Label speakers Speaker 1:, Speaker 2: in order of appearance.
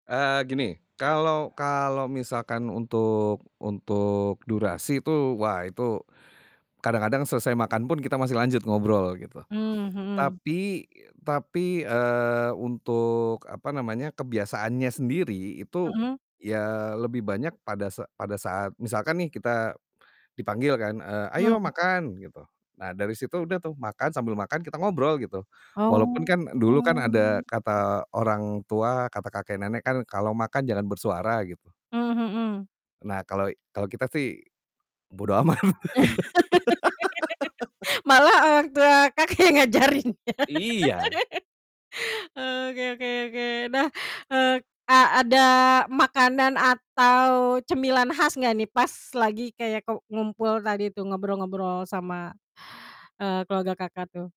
Speaker 1: Eee gini, kalau kalau misalkan untuk untuk durasi itu, wah, itu kadang-kadang selesai makan pun kita masih lanjut ngobrol gitu.
Speaker 2: Mmm, mhm.
Speaker 1: Tapi tapi, eee untuk, apa namanya, kebiasaannya sendiri, itu
Speaker 2: Mhm.
Speaker 1: ya lebih banyak pada sa pada saat misalkan nih, kita dipanggil kan, eee,
Speaker 2: Hmm.
Speaker 1: "Ayo makan!" gitu. Nah dari situ udah tuh makan, sambil makan kita ngobrol gitu. Walaupun
Speaker 2: Oh.
Speaker 1: kan dulu kan ada kata orang tua, kata kakek nenek kan kalau makan jangan bersuara gitu.
Speaker 2: Mmm, mhm.
Speaker 1: Nah kalau i kita sih bodo amat.
Speaker 2: Malah, eee, waktu, eee Kakak yang ngajarin, ya.
Speaker 1: Iya.
Speaker 2: Eee, oke oke oke. Nah, eee, a ada makanan atau cemilan khas enggak nih pas lagi kayak ku ngumpul tadi tuh, ngobrol-ngobrol sama, eee, keluarga Kakak tuh?